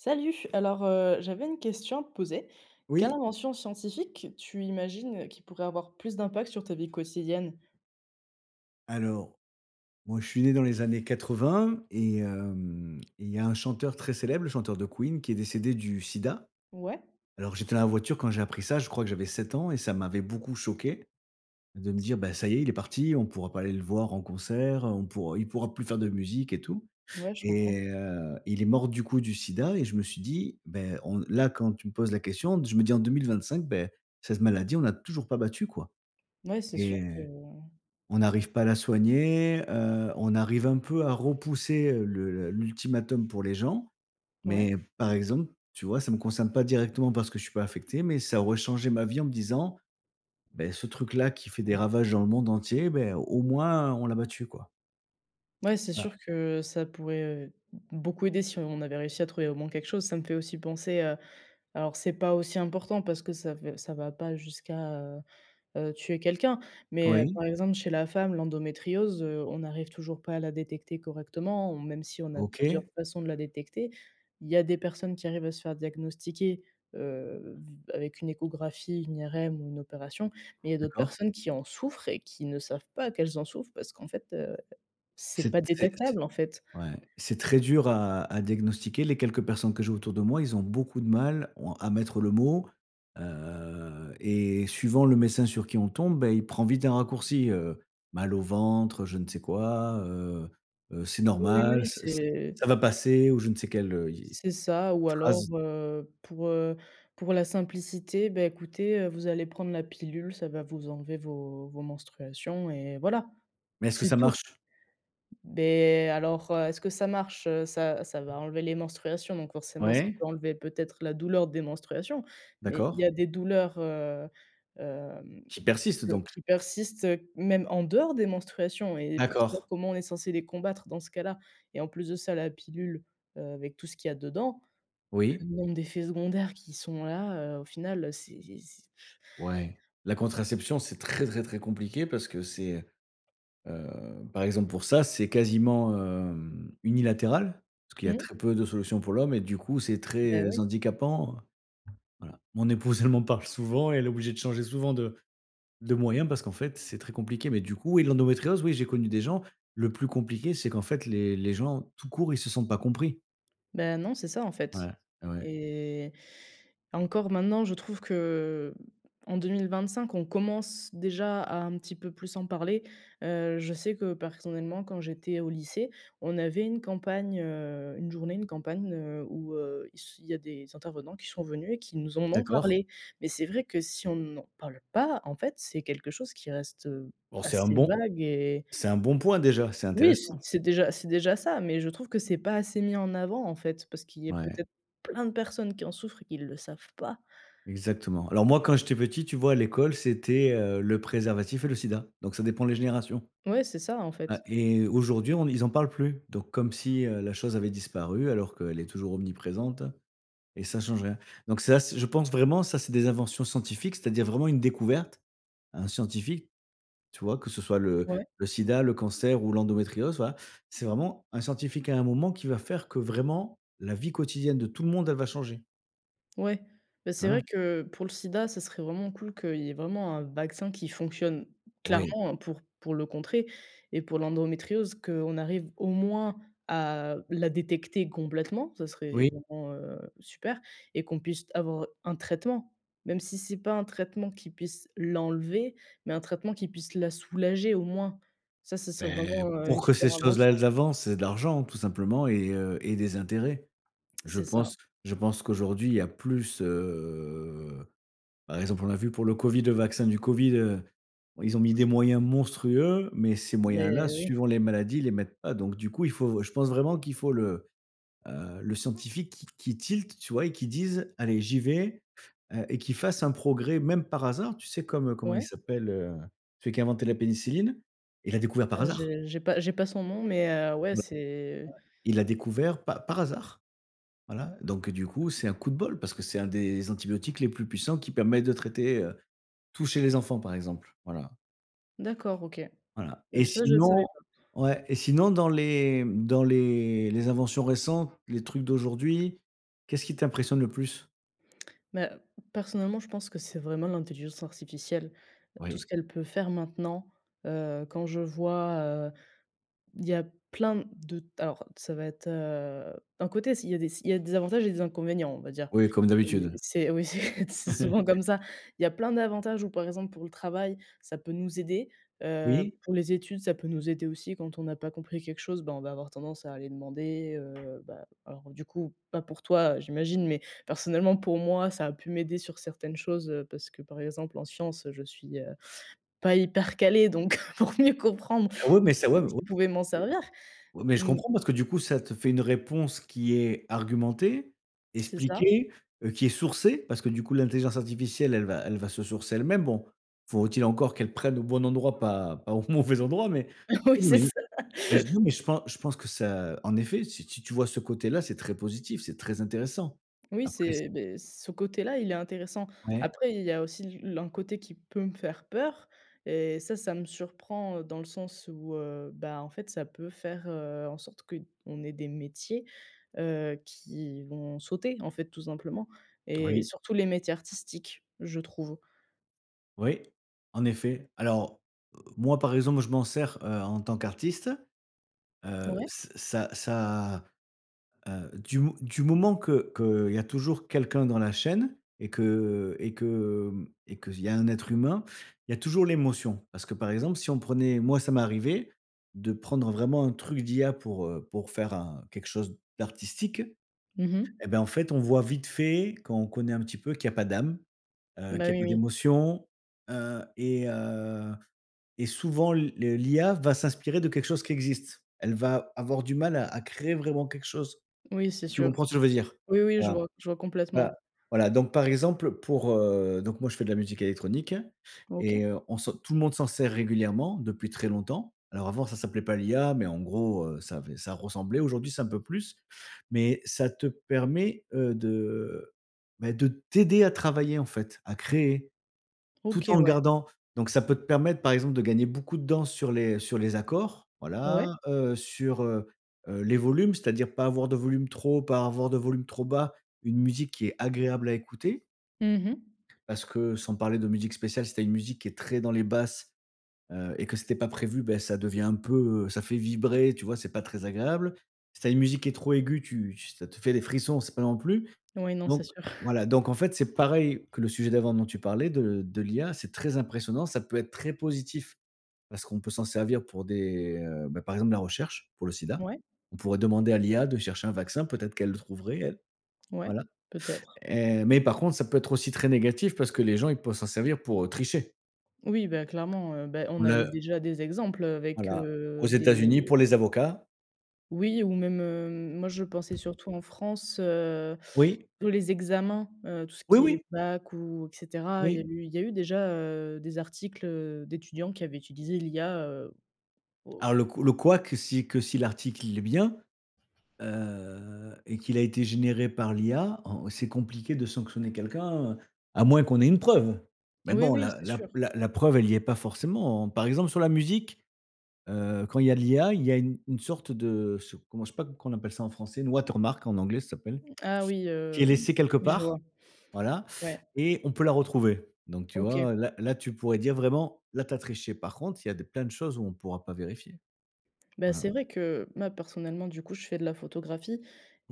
Salut, alors, heu, j'avais une question à te poser. Quelle Oui. invention scientifique tu imagines qui pourrait avoir plus d'impact sur ta vie quotidienne? Alors, moi je suis né dans les années 80 et heu et il y a un chanteur très célèbre, le chanteur de Queen, qui est décédé du sida. Ouais. Alors j'étais dans la voiture quand j'ai appris ça. Je crois que j'avais 7 ans et ça m'avait beaucoup choqué de me dire: «Ben ça y est, il est parti». On pourra pas aller le voir en concert, heu, on pourra il pourra plus faire de musique et tout Ouais, je comprends. et heu, il est mort, du coup, du sida et je me suis dit, ben on là quand tu me poses la question je me dis «En 2025, en cette maladie on n'a toujours pas battu, quoi» Ouais c'est sûr et que on n'arrive pas à la soigner, heu, on arrive un peu à repousser, heu, le l'ultimatum pour les gens. Ouais. Mais, par exemple, tu vois ça me concerne pas directement parce que je suis pas affecté mais ça aurait changé ma vie en me disant: «Bah, ce truc là qui fait des ravages dans le monde entier, bah, au moins on l'a battu quoi». Ouais, c'est Ah. sûr que ça pourrait, heu, beaucoup aider si on avait réussi à trouver au moins quelque chose. Ça me fait aussi penser à alors c'est pas aussi important parce que ça fait v ça va pas jusqu'à, heu heu, tuer quelqu'un. Mais Oui. par exemple, chez la femme l'endométriose, heu, on n'arrive toujours pas à la détecter correctement hom même si on a plusieurs OK. façons de la détecter, il y a des personnes qui arrivent à se faire diagnostiquer, heu, v avec une échographie, une IRM ou une opération, mais il y a d'autres D'accord. personnes qui en souffrent et qui ne savent pas qu'elles en souffrent parce qu'en fait, heu, c'est C'est pas très c'est détectable, en fait. ouais, c'est très dur à à diagnostiquer. Les quelques personnes que j'ai autour de moi, ils ont beaucoup de mal on à mettre le mot, heu et suivant le médecin sur qui on tombe, bah, il prend vite un raccourci, heu, mal au ventre, heu, je ne sais quoi, heu heu, c'est Oui, oui, normal oui s s c'est ça va passer ou je ne sais quel, heu, y est, C'est ça ou alors, phrase. heu, pour, heu, pour la simplicité «Bah, écoutez, heu, vous allez prendre la pilule, ça va vous enlever vos vos menstruations et voilà». Mais est-ce que C'est ça tout. marche? Beh et alors, heu, est-ce que ça marche, heu? Ça ça va enlever les menstruations, donc forcément ça Ouais. peut enlever peut-être la douleur des menstruations. Mais il y D'accord. a des douleurs, heu, hem, Qui persiste que donc? qui persistent même en dehors des menstruations et pour ça D'accord. comment on est censé les combattre dans ce cas-là? Et en plus de ça, la pilule, heu, avec tout ce qu'il y a dedans, le Oui. nombre d'effets secondaires qui sont là, heu, au final, heu, c'est c'est Ouais. La contraception, c'est très, très, très compliqué parce que c'est, heu, par exemple pour ça, c'est quasiment, hem, unilatéral. Parce qu'il a Mmh. très peu de solutions pour l'homme et du coup c'est Bah, très oui. handicapant, heu, voilà mon épouse, elle m'en parle souvent, elle est obligée de changer souvent de de moyens parce qu'en fait, c'est très compliqué. Mais du coup oui, l'endométriose oui j'ai connu des gens. Le plus compliqué, c'est qu'en fait, les les gens tout court, ils se sentent pas compris. Bah, non, c'est ça, en fait Ouais. Ouais, ouais. et encore maintenant, je trouve que, en 2025, on commence déjà à un petit peu plus en parler. Heu, je sais que personnellement, quand j'étais au lycée, on avait une campagne, heu, une journée, une campagne, heu, où, heu, il se il y a des intervenants qui sont venus et qui nous en ont D'accord. parlé. Mais c'est vrai que si on n'en parle pas, en fait, c'est quelque chose qui reste, heu, Bon c'est un assez bon vague et c'est un bon point déjà, c'est Oui, intéressant. c'est c'est déjà c'est déjà ça, mais je trouve que c'est pas assez mis en avant, en fait, parce qu'il y ait Ouais. peut-être plein de personnes qui en souffrent et qui le savent pas. Exactement. Alors moi, quand j'étais petit, tu vois, à l'école, c'était, heu, le préservatif et le sida. Donc, ça dépend les générations. Ouais c'est ça, en Ouais fait. et aujourd'hui, on ils en parlent plus. Donc comme si, heu, la chose avait disparu alors qu'elle est toujours omniprésente et ça change rien. Donc c'est assez je pense vraiment ça, c'est des inventions scientifiques, c'est-à-dire vraiment une découverte à un scientifique, tu vois? Que ce soit le Ouais. le sida, le cancer ou l'endométriose, voilà. C'est vraiment un scientifique à un moment qui va faire que vraiment la vie quotidienne de tout le monde, elle va changer. Ouais. Bah, c'est vrai Voilà. que pour le sida, ce serait vraiment cool qu'il y ait vraiment un vaccin qui fonctionne Oui. clairement pour pour le contrer et pour l'endométriose, qu'on arrive au moins à la détecter complètement, ça serait Oui. vraiment, heu, super et qu'on puisse avoir un traitement. Même si c'est pas un traitement qui puisse l'enlever, mais un traitement qui puisse la soulager au moins. Ça ce serait Beh, vraiment, heu, pour une que ces super choses-là, invention. elles avancent, c'est de l'argent tout simplement et heu et des intérêts. Je C'est ça. pense je pense qu'aujourd'hui il y a plus, heu, par exemple, on l'a vu pour le COVID, le vaccin du COVID, heu, ils ont mis des moyens monstrueux, mais ces moyens-là, Mais oui. suivant les maladies, les mettent pas. Donc du coup, il faut je pense vraiment qu'il faut le, heu, le scientifique qui qui tilt tu vois et qui dise: «Allez j'y vais» heu et qui fasse un progrès même par hasard, tu sais, comme, heu, comment il Ouais. s'appelle, heu, celui qui a inventé la pénicilline. Il l'a découvert, par Heu, hasard. je j'ai pas, j'ai pas son nom, mais, heu, ouais, B ouais. c'est Il l'a découvert pa par hasard. Voilà donc, heu, du coup, c'est un coup de bol parce que c'est un des antibiotiques les plus puissants qui permet de traiter, heu, tout chez les enfants, par exemple. Voilà. D'accord, OK, Voilà et bah, ça je savais pas. sinon ouais et sinon dans les dans les les inventions récentes, les trucs d'aujourd'hui, qu'est ce qui t'impressionne le plus? Bah, personnellement, je pense que c'est vraiment l'intelligence artificielle, tout ce Oui. qu'elle peut faire maintenant. Heu, quand je vois, heu, il y a plein de alors ça va être, heu, d'un côté si il y a des il y a des avantages et des inconvénients, on va dire. Oui, comme C'est d'habitude. c'est oui c'est c'est souvent comme ça, il y a plein d'avantages où, par exemple, pour le travail, ça peut nous aider. Heu, Oui. pour les études ça peut nous aider aussi quand on n'a pas compris quelque chose, bah, on va avoir tendance à aller demander, heu, bah, alors du coup, pas pour toi j'imagine, mais personnellement, pour moi ça a pu m'aider sur certaines choses, heu, parce que, par exemple, en science, heu, je suis, heu, pas hyper calée, donc pour mieux comprendre, Ah oui mais ça ouais, ouais [unintelligible] mais je pouvais m'en c'est servir oui mais je mmh comprends parce que du coup ça te fait une réponse qui est argumentée, C'est ça. expliquée, heu, qui est sourcée parce que du coup, l'intelligence artificielle, elle va elle va se sourcer elle-même. Bon, faut-il encore qu'elle prenne au bon endroit pas pas au mauvais endroit mais, Oui, oui mais, c'est heu, ça. mais je non mais je pense je pense que ça, en effet, si si tu vois ce côté-là, c'est très positif, c'est très intéressant. Oui, Après c'est c'est, beh, ce côté-là, il est intéressant. Ouais. Après, il y a aussi l'un côté qui peut me faire peur et ça, ça me surprend, heu, dans le sens où, heu, bah, en fait, ça peut faire, heu, en sorte qu'on ait des métiers, heu, qui vont sauter, en fait, tout simplement et Oui. surtout les métiers artistiques, je trouve. Oui. En effet. Alors, heu, moi, par exemple, je m'en sers, heu, en tant qu'artiste, heu, Ouais. s ça ça, heu, du mo du moment que qu'il y a toujours quelqu'un dans la chaîne et que et que, hem et qu'il y a un être humain, il y a toujours l'émotion. Parce que, par exemple, si on prenait moi ça m'est arrivé de prendre vraiment un truc d'IA pour, heu, pour faire un quelque chose d'artistique Mmh mh. et ben, en fait, on voit vite fait, quand on connaît un petit peu, qu'il y a pas d'âme, heu, Bah qu'il y a oui, peu oui. d'émotion, heu et heu et souvent l le l'IA va s'inspirer de quelque chose qui existe. Elle va avoir du mal à à créer vraiment quelque chose. Oui c'est Tu sûr. comprends ce que je veux dire? Oui, oui, je Voilà, vois. Je vois complètement. voilà, voilà, donc, par exemple, pour, heu, donc moi je fais de la musique électronique OK. et heu, on s'en tout le monde s'en sert régulièrement depuis très longtemps. Alors avant, ça s'appelait pas l'IA, mais en gros, heu, ça avait ça ressemblait, aujourd'hui, c'est un peu plus mais ça te permet, heu, de, heu, bah de t'aider à travailler en fait, à créer. Tout OK, en ouais. gardant donc ça peut te permettre, par exemple, de gagner beaucoup de danse sur les sur les accords. Ouais. Voilà, heu, sur, heu heu, les volumes, c'est-à-dire pas avoir de volume trop haut, pas avoir de volume trop bas. Une musique qui est agréable à écouter. Mmh mh. Parce que sans parler de musique spéciale, si tu as une musique qui est très dans les basses, heu et que c'était pas prévu, bah ça devient un peu, heu, ça fait vibrer, tu vois? C'est pas très agréable. Si tu as une musique qui est trop aiguë, tu tu ça te fait des frissons, c'est pas non plus Oui, non, c'est donc, sûr. voilà, donc, en fait, c'est pareil que le sujet d'avant dont tu parlais de de l'IA. C'est très impressionnant, ça peut être très positif parce qu'on peut s'en servir pour des, heu, bah, par exemple la recherche, pour le sida. Ouais. On pourrait demander à l'IA de chercher un vaccin. Peut-être qu'elle le trouverait, elle. Ouais, Voilà peut-être. et mais par contre, ça peut être aussi très négatif, parce que les gens, ils peuvent s'en servir pour, heu, tricher. Oui, bah clairement, heu, beh on Mmh a eu le déjà des exemples, heu, avec, Voilà, aux heu, des États-Unis pour les avocats. Oui ou même, hem, moi je pensais surtout en France, heu, Oui. tous les examens, heu, tout ce Oui, qui est oui. bac ou et cetera. Il y a Oui. eu il y a eu, déjà heu, des articles, heu, d'étudiants qui avaient utilisé l'IA, heu, Ah o le ou cou le couac, que si que si l'article, il est bien, heu et qu'il a été généré par l'IA, en c'est compliqué de sanctionner quelqu'un, heu, à moins qu'on ait une preuve. Mais Oui, bon, oui. la C'est la p sûr. la la preuve, elle y est pas forcément. Par exemple, sur la musique, heu, quand il y a de l'IA, il y a une une sorte de se comment je sais pas comment on appelle ça en français? Une watermark en anglais, ça s'appelle, Mmh, ah oui, qui est hem, laissée quelque oui je vois. part, voilà Ouais. et on peut la retrouver. Donc tu OK. vois, là là, tu pourrais dire vraiment: «Là, tu as triché». Par contre, il y a des plein de choses où on pourra pas vérifier. Bah, Voilà. c'est vrai que ma personnellement du coup, je fais de la photographie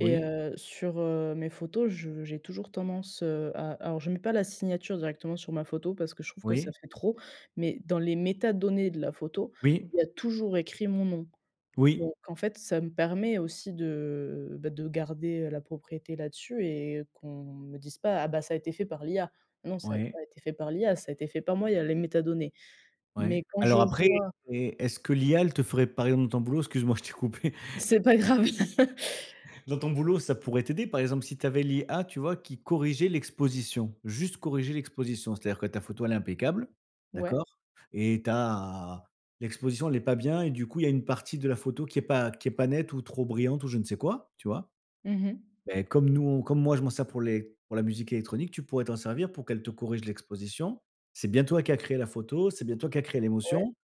et heu, sur, heu, mes photos, je j'ai toujours tendance, heu, à alors je mets pas la signature directement sur ma photo parce que je trouve que ça Oui. fait trop, mais dans les métadonnées de la photo, Oui. il y a toujours écrit mon nom. Oui. Donc en fait ça me permet aussi de, bah de garder, heu, la propriété là-dessus et qu'on me dise pas: «Ah bah, ça a été fait par l'IA». Non, ça a Ouais. pas été fait par l'IA, ça a été fait par moi, il y a les métadonnées. Mais Ouais, quand je alors après vois et est-ce que l'IA, elle te ferait par exemple, ton boulot? Excuse moi, je t'ai coupée. C'est pas grave. Dans ton boulot, ça pourrait t'aider par exemple, si tu avais l'IA, tu vois, qui corrigeait l'exposition, juste corriger l'exposition. C'est-à-dire que ta photo elle est impeccable. Ouais. D'accord et tu as l'exposition, elle est pas bien et du coup, il y a une partie de la photo qui est pas qui est pas nette ou trop brillante ou je ne sais quoi, tu vois? Mmh mh. Beh, comme nous, on comme moi, je m'en sers pour les pour la musique électronique, tu pourrais t'en servir pour qu'elle te corrige l'exposition. C'est bien toi qui as créé la photo, c'est bien toi qui as créé Ouais. l'émotion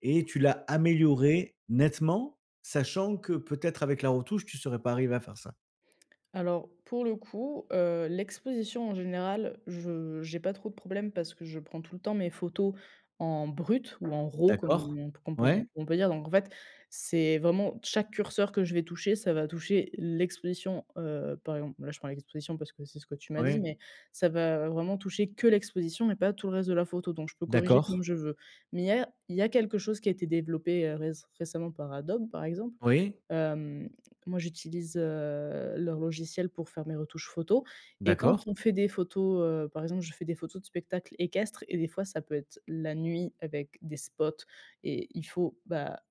et tu l'as améliorée nettement. Sachant que peut-être avec la retouche, tu serais pas arrivée à faire ça. Alors pour le coup, heu, l'exposition en général, je j'ai pas trop de problèmes parce que je prends tout le temps mes photos en brut ou en raw comme D'accord. on p qu'on p on comme Ouais. on peut dire, donc en fait, c'est vraiment d chaque curseur que je vais toucher, ça va toucher l'exposition, heu, par exemple, là, je prends l'exposition, parce que c'est ce que tu m'as dit, Ouais. mais ça va vraiment toucher que l'exposition et pas tout le reste de la photo, donc je peux corriger comme D'accord. je veux. Mais il y a il y a quelque chose qui a été développé, heu, réc récemment par Adobe par exemple, Oui. hem, moi, j'utilise, heu, leur logiciel pour faire mes retouches photos et quand D'accord. on fait des photos, heu, par exemple, je fais des photos de spectacles équestres et des fois ça peut être la nuit avec des spots et il faut, bah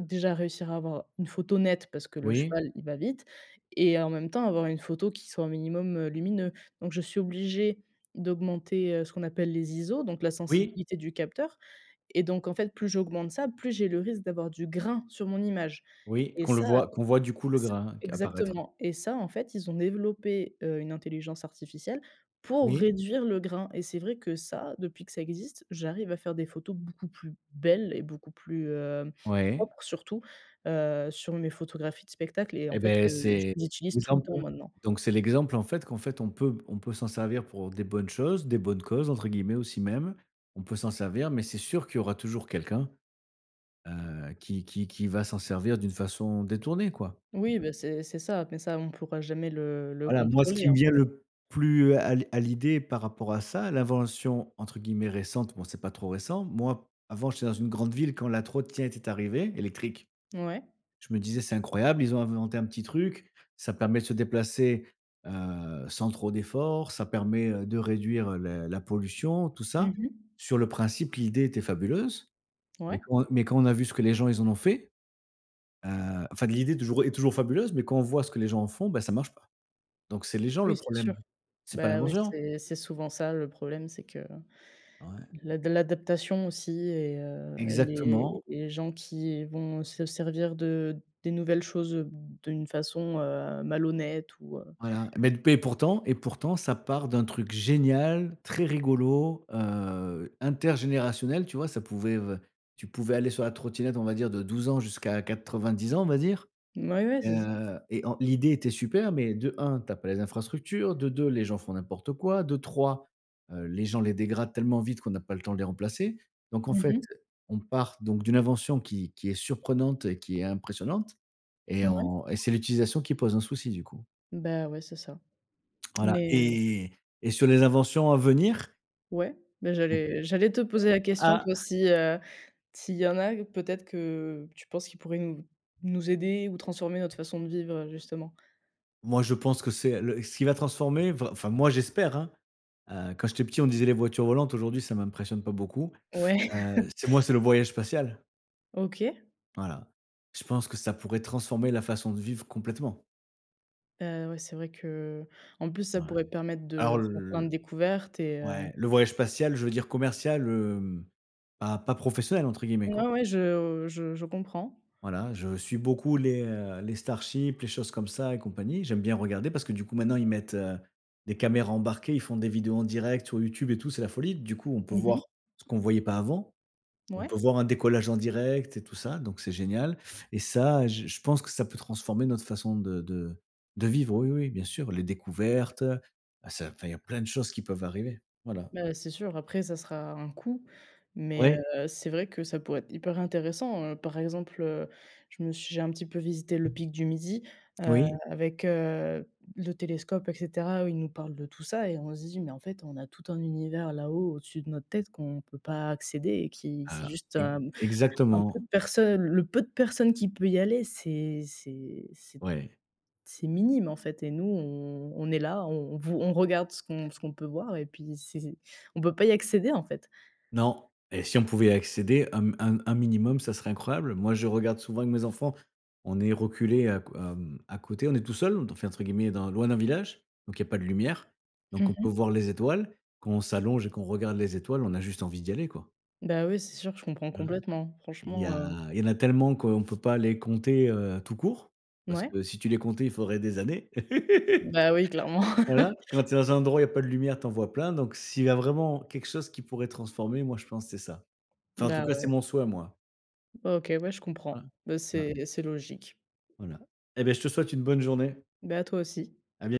heu, déjà réussir à avoir une photo nette parce que le Oui. cheval il va vite et en même temps, avoir une photo qui soit un minimum, heu, lumineux. Donc je suis obligée d'augmenter, heu, ce qu'on appelle les ISO, donc la Oui. sensibilité du capteur et donc en fait plus j'augmente ça, plus j'ai le risque d'avoir du grain sur mon image Oui, et qu'on le ça, voit qu'on voit du coup, le s grain q apparaître. exactement, et ça en fait ils ont développé, heu, une intelligence artificielle pour Oui. réduire le grain et c'est vrai que ça, depuis que ça existe, j'arrive à faire des photos beaucoup plus belles et beaucoup plus, hem, Ouais. propres surtout, heu, sur mes photographies de spectacles et en Eh fait, beh heu, j c'est je les utilise tout le l'exemple, temps, heu, maintenant. donc c'est l'exemple, en fait qu'en fait on peut p on peut s'en servir pour des bonnes choses, des «bonnes causes» entre guillemets, aussi même. On peut s'en servir mais c'est sûr qu'il y aura toujours quelqu'un, heu, qui qui qui va s'en servir d'une façon détournée, quoi. Oui, bah, c'est c'est ça. Mais ça on pourra jamais le le Voilà, moi, ce qui contrôler, me en vient fait. le plus à l à l'idée par rapport à ça, l'invention entre guillemets «récente», bon, c'est pas trop récent. Moi, avant, j'étais dans une grande ville quand la trottinette était arrivée, électrique. Mouais. Je me disais: «C'est incroyable, ils ont inventé un petit truc, ça permet de se déplacer, heu, sans trop d'efforts, ça permet, heu, de réduire, heu, la la pollution, tout ça». Mmh mh. Sur le principe, l'idée était fabuleuse. Mais Ouais. quand, heu, mais quand on a vu ce que les gens ils en ont fait, heu, enfin l'idée est toujours, heu, est toujours fabuleuse, mais quand on voit ce que les gens en font, bah ça marche pas. Donc c'est les gens le Oui, c'est sûr. problème. C'est pas Bah ouais, l'invention. c'est c'est souvent ça le problème. C'est que Ouais. l'ad l'adaptation aussi et heu et les Exactement. et les gens qui vont se servir de des nouvelles choses, heu, b d'une façon, heu, malhonnête ou, heu Voilà, mais d p et pourtant et pourtant ça part d'un truc génial, très rigolo, heu, intergénérationnel, tu vois? Ca pouvait v tu pouvais aller sur la trottinette, on va dire de 12 ans jusqu'à 90 ans, on va dire, Mouais, ouais, c'est ça. heu et en l'idée était super mais de 1,, tu as pas les infrastructures, de 2,, les gens font n'importe quoi, de 3, heu, les gens les dégradent tellement vite qu'on n'a pas le temps de les remplacer. Donc en Mmh fait, mh. on part donc d'une invention qui qui est surprenante et qui est impressionnante et Mouais. en et c'est l'utilisation qui pose un souci, du coup. Bah, ouais, c'est ça. Voilà Mais heu et et sur les inventions à venir Ouais. Mais Mmh. j'allais j'allais te poser la Bah, question. ah Toi, si, heu, s'il y en a, peut-être que tu penses qu'ils pourraient nous nous aider ou transformer notre façon de vivre, heu, justement? Moi je pense que c'est, heu, le ce qui va transformer, va enfin, moi, j'espère, hein, heu, quand j'étais petit on disait: «Les voitures volantes», aujourd'hui ça m'impressionne pas beaucoup, Ouais. heu, c'est moi, c'est le voyage spatial. OK. Voilà. Je pense que ça pourrait transformer la façon de vivre, complètement. Heu ouais, c'est vrai que en plus, ça Ouais. pourrait permettre Alors de faire pleins de le découvertes et heu ouais. Le voyage spatial, je veux dire commercial hem, bah, «pas professionnel» entre guillemets Ouais, quoi. ouais, je je je comprends. Voilà, je suis beaucoup les, heu, les Starships les choses comme ça et compagnie. J'aime bien regarder parce que du coup maintenant ils mettent, heu, des caméras embarquées. Ils font des vidéos en direct sur YouTube et tout, c'est la folie. Du coup, on peut Mmh mh. voir ce qu'on voyait pas avant. On peut Mouais. voir un décollage en direct et tout ça, donc c'est génial et ça, j je pense que ça peut transformer notre façon de de de vivre. Oui, oui, bien sûr, les découvertes. Ça enfin il y a plein de choses qui peuvent arriver. Voilà. Bah c'est sûr. Après ça sera un coût. Mais Ouais. heu, c'est vrai que ça pourrait être hyper intéressant, heu. Par exemple heu, je me ch j'ai un petit peu visité le pic du Midi, heu, Oui. avec heu, le télescope et cetera. Où il nous parle de tout ça et on se dit, mais en fait, on a tout un univers là-haut, au-dessus de notre tête qu'on peut pas accéder et qui c'est Ah. juste un mmh, un peu É-exactement. de personne, le peu de personne qui peut y aller, c'est c'est c'est t Ouais. c'est minime en fait et nous, on on est là, on on v on regarde ce qu'on ce qu'on peut voir et puis c c'est on peut pas y accéder en fait. Non. Et si on pouvait accéder un m un m un minimum ce serait incroyable. Moi je regarde souvent avec mes enfants. On est reculés à q à mmh, à côté, on est tout seuls, te f entre guillemets «dans loin d'un village» donc il y a pas de lumière, donc Mmh on peut mh. voir les étoiles quand on s'allonge et qu'on regarde les étoiles, on a juste envie d'y aller quoi Bah oui, c'est sûr, je comprends voilà. complètement. Il y Franchement, a, heu il y en a tellement qu'on peut pas les compter heu tout court. Parce Mouais. que si tu les comptais, il faudrait des années. Bah oui, clairement. Voilà. Quand tu es dans un endroit où il y a pas de lumière, tu en vois plein. Donc s'il y a vraiment quelque chose qui pourrait transformer, moi je pense c'est ça. Enfin en tout Bah, cas, c'est ouais. mon souhait à moi. Bah, OK, ouais je comprends. Bah Voilà. c'est c'est logique. Voilà. Et beh je te souhaite une bonne journée. Bah à toi aussi. A bien